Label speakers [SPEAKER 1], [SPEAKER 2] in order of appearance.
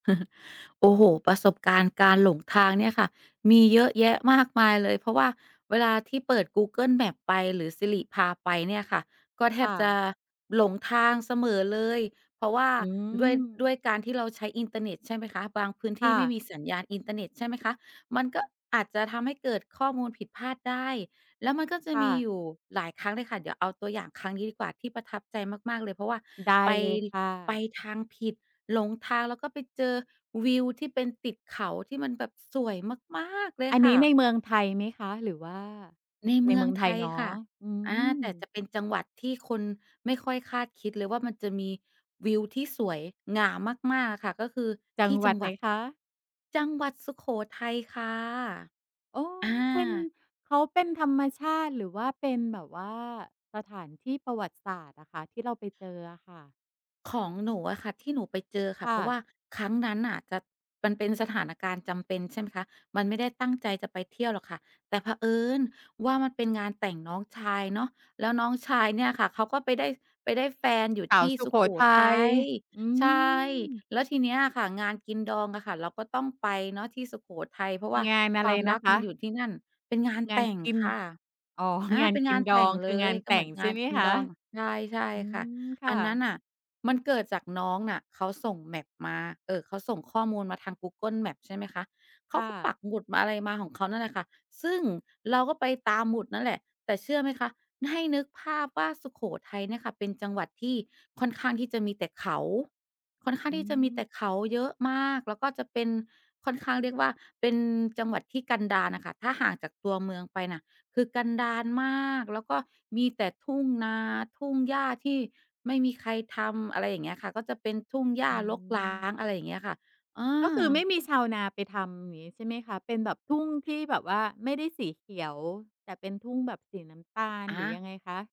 [SPEAKER 1] โอ้โฮ! ประสบการณ์การหลงทางเนี่ยค่ะมีเยอะแยะมากมายเลย เพราะว่าเวลาที่เปิด Google Maps ไป หรือ Siri พาไปเนี่ยค่ะ ก็แท
[SPEAKER 2] ค่
[SPEAKER 1] บจ
[SPEAKER 2] ะ
[SPEAKER 1] ะหลงทางเสมอเลย เพราะว่า
[SPEAKER 2] อื
[SPEAKER 1] ด้วย ด้
[SPEAKER 2] ม
[SPEAKER 1] วยการที่เราใช้อินเทอร์เน็ต ใช่ไหมคะ บางพื้นท
[SPEAKER 2] ค
[SPEAKER 1] ี
[SPEAKER 2] ่
[SPEAKER 1] ่ไม่
[SPEAKER 2] ะ
[SPEAKER 1] มีสัญญาณอินเทอร์เน็ต ใช่ไหมคะ มันก็อาจจะทำให้เกิดข้อมูลผิดพลาดได้ แล้วมันก็จะ
[SPEAKER 2] ค่
[SPEAKER 1] มี
[SPEAKER 2] ะ
[SPEAKER 1] อยู่หลายครั้งเลยค่ะ เดี๋ยวเอาตัวอย่างครั้งนี้ดีกว่า ที่ประทับใจมาก ๆ เลย เพราะว่า
[SPEAKER 2] ได้
[SPEAKER 1] ไป
[SPEAKER 2] เลยค่
[SPEAKER 1] ไ
[SPEAKER 2] ะ
[SPEAKER 1] ปทางผิด หลงทาง แล้วก็ไปเจอวิวที่เป็นติดเขาที่มันแบบสวยมาก ๆ เลย
[SPEAKER 2] อัน
[SPEAKER 1] ค
[SPEAKER 2] นี
[SPEAKER 1] ่
[SPEAKER 2] ้ใน
[SPEAKER 1] ะ
[SPEAKER 2] เมืองไทยไหมคะ? หรือว่า
[SPEAKER 1] ใน
[SPEAKER 2] ใ
[SPEAKER 1] เ
[SPEAKER 2] น
[SPEAKER 1] มื
[SPEAKER 2] เม
[SPEAKER 1] อ
[SPEAKER 2] ื
[SPEAKER 1] ง
[SPEAKER 2] องไ
[SPEAKER 1] ไ
[SPEAKER 2] ท
[SPEAKER 1] ท
[SPEAKER 2] ย
[SPEAKER 1] ย
[SPEAKER 2] เนา
[SPEAKER 1] ค
[SPEAKER 2] ะ
[SPEAKER 1] ่ะ
[SPEAKER 2] อื
[SPEAKER 1] อา แต่
[SPEAKER 2] ม
[SPEAKER 1] จะเป็นจังหวัดที่คนไม่ค่อยคาดคิดเลยว่ามันจะมีวิวที่สวยงามาก ๆ อะค่ะ ก็คือ
[SPEAKER 2] จั
[SPEAKER 1] ท
[SPEAKER 2] ง
[SPEAKER 1] ี่
[SPEAKER 2] หว
[SPEAKER 1] จ
[SPEAKER 2] ั
[SPEAKER 1] ั
[SPEAKER 2] ด
[SPEAKER 1] ง
[SPEAKER 2] ไ
[SPEAKER 1] ห
[SPEAKER 2] ห
[SPEAKER 1] ว
[SPEAKER 2] น
[SPEAKER 1] ัด
[SPEAKER 2] คะ?
[SPEAKER 1] จังหวัดสุโขทัยค่ะ
[SPEAKER 2] อ๋อ
[SPEAKER 1] อา
[SPEAKER 2] เป็น เขาเป็นธรรมชาติ หรือว่าเป็นแบบว่า สถานที่ประวัติศาสตร์อะค่ะ ที่เราไปเจออะค่ะ?
[SPEAKER 1] ของหนูอะค่ะ ที่หนูไปเจอค่
[SPEAKER 2] ค
[SPEAKER 1] ะ
[SPEAKER 2] ่
[SPEAKER 1] เพราะว
[SPEAKER 2] ะ
[SPEAKER 1] ่าครั้งนั้นน่ะ จะ มันเป็นสถานการณ์จำเป็น ใช่ไหมคะ มันไม่ได้ตั้งใจจะไปเที่ยวหรอกค่ะ แต่เผอิญว่ามันเป็นงานแต่งน้องชายเนาะ แล้วน้องชายเนี่ยค่ะ เขาก็ไปได้ ไปได้แฟนอยู่
[SPEAKER 2] สา
[SPEAKER 1] ท
[SPEAKER 2] ว
[SPEAKER 1] ี่
[SPEAKER 2] สุ
[SPEAKER 1] สุ
[SPEAKER 2] โข
[SPEAKER 1] โข
[SPEAKER 2] ทั
[SPEAKER 1] ท
[SPEAKER 2] ย
[SPEAKER 1] ัย
[SPEAKER 2] อื
[SPEAKER 1] ใช่
[SPEAKER 2] ม
[SPEAKER 1] แล้วทีเนี้ยค่ะ งานกินดองอะค่ะ เราก็ต้องไปเนาะที่สุโขทัย เพราะว่า
[SPEAKER 2] งานอะ
[SPEAKER 1] ค
[SPEAKER 2] ไ
[SPEAKER 1] ว
[SPEAKER 2] ร
[SPEAKER 1] าม
[SPEAKER 2] น
[SPEAKER 1] ร
[SPEAKER 2] ะ
[SPEAKER 1] ัก
[SPEAKER 2] ค
[SPEAKER 1] ม
[SPEAKER 2] ะ?
[SPEAKER 1] ันอยู่ที่นั่น เป็นงาน
[SPEAKER 2] งา
[SPEAKER 1] แต
[SPEAKER 2] น
[SPEAKER 1] ่ง
[SPEAKER 2] กิน
[SPEAKER 1] ค่ะ
[SPEAKER 2] อ๋อ
[SPEAKER 1] อา
[SPEAKER 2] งา
[SPEAKER 1] เ
[SPEAKER 2] น
[SPEAKER 1] ป็น
[SPEAKER 2] ก
[SPEAKER 1] ง
[SPEAKER 2] ิ
[SPEAKER 1] า
[SPEAKER 2] น
[SPEAKER 1] น
[SPEAKER 2] ด
[SPEAKER 1] แ
[SPEAKER 2] อ
[SPEAKER 1] ต่ง
[SPEAKER 2] ง ค
[SPEAKER 1] เล
[SPEAKER 2] ืองา
[SPEAKER 1] ย
[SPEAKER 2] น
[SPEAKER 1] ก
[SPEAKER 2] แ
[SPEAKER 1] ็
[SPEAKER 2] ต
[SPEAKER 1] เ
[SPEAKER 2] ่
[SPEAKER 1] หมือ
[SPEAKER 2] ง
[SPEAKER 1] นง
[SPEAKER 2] ใช
[SPEAKER 1] า
[SPEAKER 2] ่
[SPEAKER 1] น
[SPEAKER 2] ไหม
[SPEAKER 1] กิน
[SPEAKER 2] คะ?
[SPEAKER 1] ดอง ใช่ ใช่
[SPEAKER 2] อื
[SPEAKER 1] ค่ะ
[SPEAKER 2] ม ค
[SPEAKER 1] อ
[SPEAKER 2] ่
[SPEAKER 1] ันนั้น
[SPEAKER 2] ะ
[SPEAKER 1] น่ะมันเกิดจากน้องน่ะเขาส่ง Map มา เอ่อ เขาส่งข้อมูลมาทาง Google Maps ใช่ไหมคะ เข
[SPEAKER 2] ค
[SPEAKER 1] า
[SPEAKER 2] ่
[SPEAKER 1] ก็ป
[SPEAKER 2] ะ
[SPEAKER 1] ักหมุดมา อะไรมา ของเขานั่นแหละค่ะ ซึ่งเราก็ไปตามหมุดนั่นแหละ แต่เชื่อไหมคะ ให้นึกภาพว่าสุโขทัยเนี่ยค่ะ เป็นจังหวัดที่ค่อนข้างที่จะมีแต่เขา ค่อนข้า
[SPEAKER 2] อ
[SPEAKER 1] ง
[SPEAKER 2] ื
[SPEAKER 1] ที่จะมีแต
[SPEAKER 2] ม
[SPEAKER 1] ่เขาเยอะมาก แล้วก็จะเป็นค่อนข้าง เรียกว่าเป็นจังหวัดที่กันดารน่ะค่ะ ถ้าห่างจากตัวเมืองไปน่ะ คือกันดารมาก แล้วก็มีแต่ทุ่งนา ทุ่งหญ้าที่ไม่มีใครทำ อะไรอย่างเงี้ยค่ะ ก็เป็นทุ่งหญ้
[SPEAKER 2] อ
[SPEAKER 1] า
[SPEAKER 2] ื
[SPEAKER 1] รกร้า
[SPEAKER 2] ม
[SPEAKER 1] ง อะไรอย่างเงี้ยค่ะ เอ
[SPEAKER 2] ก็คือ ไม
[SPEAKER 1] อ
[SPEAKER 2] ่มีชาวนาไปทำ อย่างนี้ใช่ไหมคะ เป็นแบบทุ่งที่แบบว่าไม่ได้สีเขียว แต่เป็นทุ่งแบบสีน้ำตาล
[SPEAKER 1] อ
[SPEAKER 2] หรือยั
[SPEAKER 1] า
[SPEAKER 2] งไงคะ?